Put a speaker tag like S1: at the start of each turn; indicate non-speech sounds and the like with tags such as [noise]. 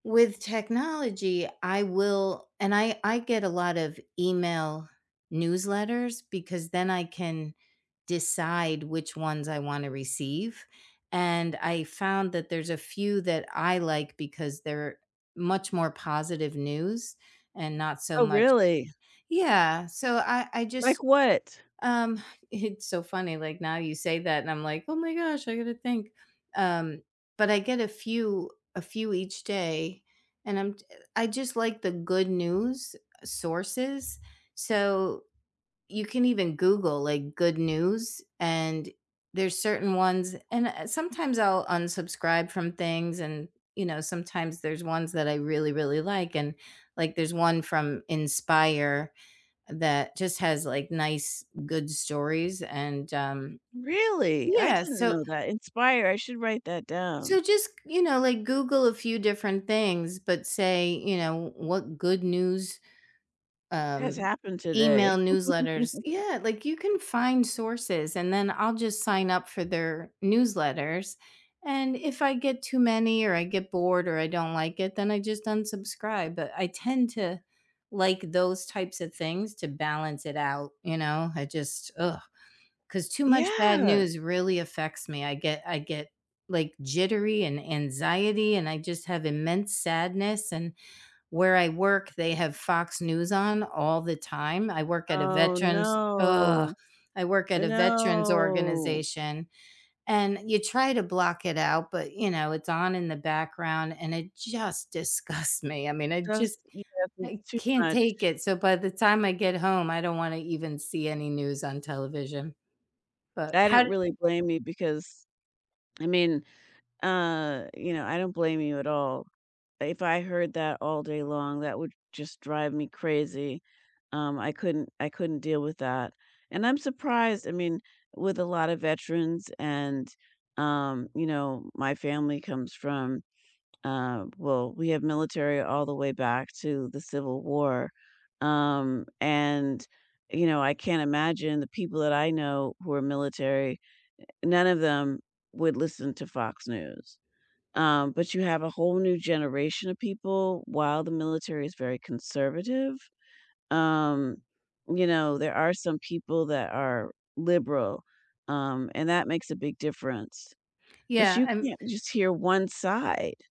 S1: With technology, I will and I I get a lot of email newsletters because then I can decide which ones I wanna receive and I found that there's a few that I like because they're much more positive news and not so
S2: Oh,
S1: much
S2: really?
S1: Yeah. So, I I just
S2: Like what?
S1: um, it's so funny, like, now you say that and I'm like, "Oh my gosh, I gotta think." Um, but I get a few a few each day and I'm j eh, I just like the good news sources. So, you can even Google, like, "good news", and there's certain ones and, uh, sometimes I'll unsubscribe from things, and, you know, sometimes there's ones that I really, really like, and, like, there's one from Inspire that just has, like, nice, good stories, and, um
S2: Really? I
S1: yeah,
S2: didn't
S1: so
S2: know that. Inspire, I should write that down.
S1: so, just you know, like, Google a few different things, but say, you know, what good news,
S2: Has
S1: um,
S2: happened today.
S1: email newsletters
S2: [chuckles]
S1: yeah, like, you can find sources, and then I'll just sign up for their newsletters and, if I get too many or I get bored or I don't like it, then I just unsubscribe, but I tend to like those types of things to balance it out, you know, I just ugh. 'Cause too much bad
S2: Yeah.
S1: news really affects me, I get I get, like, jittery and anxiety, and I just have immense sadness and, where I work, they have Fox News on all the time. I work at a
S2: Oh,
S1: veterans [groans] I
S2: no.
S1: work at a veterans
S2: No.
S1: organization, and you try to block it out, but, you know, it's on in the background, and it just disgusts me. I mean, I
S2: Just
S1: just
S2: [unintelligible]
S1: I
S2: too
S1: can't take
S2: much.
S1: it. So, by the time I get home, I don't wanna even see any news on television, but,
S2: I
S1: how
S2: don't
S1: d
S2: really blame you because, I mean, uh you know, I don't blame you at all. If I heard that all day long, that would just drive me crazy, um, I couldn't I couldn't deal with that, and I'm surprised, I mean, with a lot of veterans, and, um, you know, my family comes from, um well, we have military all the way back to the civil war, um, and, you know, I can't imagine the people that I know who are military, eh, none of them would listen to Fox News, um, but you have a whole new generation of people while the military is very conservative, um, you know, there are some people that are liberal, um, and that makes a big difference, but
S1: Yeah,
S2: you
S1: um
S2: can't just hear one side.